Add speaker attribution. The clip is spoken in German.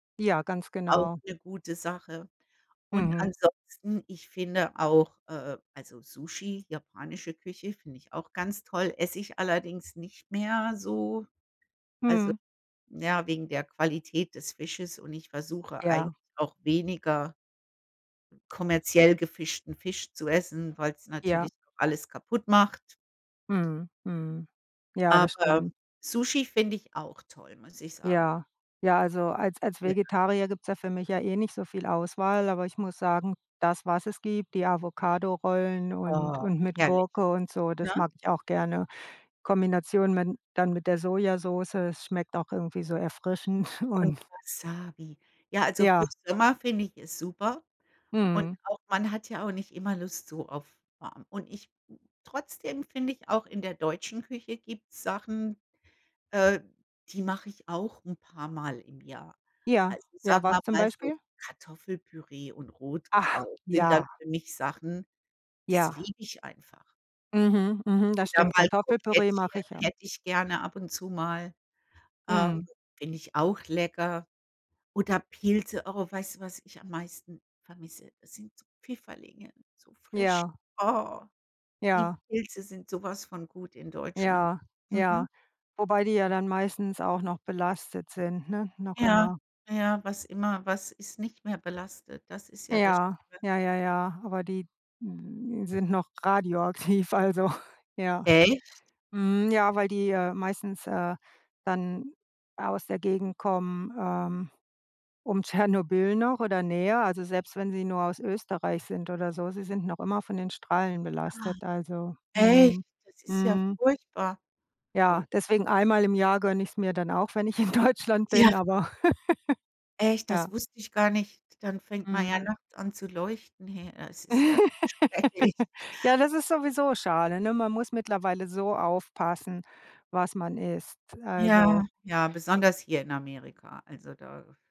Speaker 1: Ja, ganz
Speaker 2: Auch
Speaker 1: genau.
Speaker 2: 'ne gute Sache. Und
Speaker 1: Mhm.
Speaker 2: ansonsten, ich finde auch, äh, also Sushi, japanische Küche, finde ich auch ganz toll, esse ich allerdings nicht mehr so also
Speaker 1: Mhm.
Speaker 2: ja, wegen der Qualität des Fisches und ich versuche eigentlich
Speaker 1: Ja.
Speaker 2: auch weniger kommerziell gefischten Fisch zu essen, weil's
Speaker 1: Ja.
Speaker 2: natürlich auch alles kaputtmacht.
Speaker 1: Mhm, mhm. Ja, das
Speaker 2: Aber
Speaker 1: stimmt.
Speaker 2: Sushi finde ich auch toll, muss ich sagen.
Speaker 1: Ja. Ja, also als als
Speaker 2: Ja.
Speaker 1: Vegetarier gibt's ja für mich ja eh nicht so viel Auswahl, aber ich muss sagen, das, was es gibt, die Avocadorollen und
Speaker 2: Oh,
Speaker 1: und mit
Speaker 2: herrlich,
Speaker 1: Gurke und so,
Speaker 2: ne?
Speaker 1: das mag ich auch gerne. Kombination mit dann mit der Sojasoße. Es schmeckt auch irgendwie so erfrischend
Speaker 2: Und
Speaker 1: und
Speaker 2: Wasabi. Ja, also für
Speaker 1: Ja.
Speaker 2: Sommer finde ich es super und
Speaker 1: Mhm.
Speaker 2: auch man hat ja auch nicht immer Lust so auf warm. Und ich trotzdem finde ich auch in der deutschen Küche gibt's Sachen, äh, die mach ich auch 'n paarmal im Jahr.
Speaker 1: Ja,
Speaker 2: Also
Speaker 1: ja,
Speaker 2: sagen
Speaker 1: was
Speaker 2: wir
Speaker 1: zum
Speaker 2: mal so:
Speaker 1: Beispiel?
Speaker 2: „Kartoffelpüree und
Speaker 1: Ach,
Speaker 2: Rotkraut sind dann
Speaker 1: ja.
Speaker 2: für mich Sachen, das
Speaker 1: Ja.
Speaker 2: liebe ich einfach.“
Speaker 1: Mhm, mhm, das
Speaker 2: Oder
Speaker 1: stimmt.
Speaker 2: mal
Speaker 1: Kartoffelpüree
Speaker 2: Krokettchen
Speaker 1: mache ich ja.
Speaker 2: hätte ich gerne ab und zu mal. Ähm,
Speaker 1: Mhm.
Speaker 2: finde ich auch lecker. Oder Pilze, oh, weißt du, was ich am meisten vermisse? Das sind so Pfifferlinge, so frisch.
Speaker 1: Ja.
Speaker 2: Oh. Die
Speaker 1: Ja.
Speaker 2: Pilze sind so was von gut in Deutschland.
Speaker 1: Ja, ja.
Speaker 2: Mhm.
Speaker 1: Wobei die ja dann meistens auch noch belastet sind, ne, noch
Speaker 2: Ja,
Speaker 1: immer.
Speaker 2: ja, was immer was ist nicht mehr belastet? Das ist ja das
Speaker 1: Ja,
Speaker 2: Schlimme.
Speaker 1: ja, ja, ja, aber die m sind noch radioaktiv, also, ja.
Speaker 2: Echt?
Speaker 1: Mhm, ja, weil die, äh, meistens, äh, dann aus der Gegend kommen, ähm, um Tschernobyl noch oder näher, also selbst wenn sie nur aus Österreich sind oder so. Sie sind noch immer von den Strahlen
Speaker 2: Ach,
Speaker 1: belastet, also
Speaker 2: echt?
Speaker 1: Mhm.
Speaker 2: Das ist ja
Speaker 1: Mhm.
Speaker 2: furchtbar.
Speaker 1: Ja.
Speaker 2: Und
Speaker 1: Deswegen einmal im Jahr gönne ich's mir dann auch, wenn ich in Deutschland
Speaker 2: Ja.
Speaker 1: bin, aber
Speaker 2: Echt, das
Speaker 1: Ja.
Speaker 2: wusste ich gar nicht. Dann fängt man ja
Speaker 1: Mhm.
Speaker 2: nachts an zu leuchten hier. Es ist ja schrecklich.
Speaker 1: Ja, das ist sowieso schade, ne? Man muss mittlerweile so aufpassen, was man isst.
Speaker 2: Ja.
Speaker 1: Also
Speaker 2: Ja, besonders hier in Amerika. Also da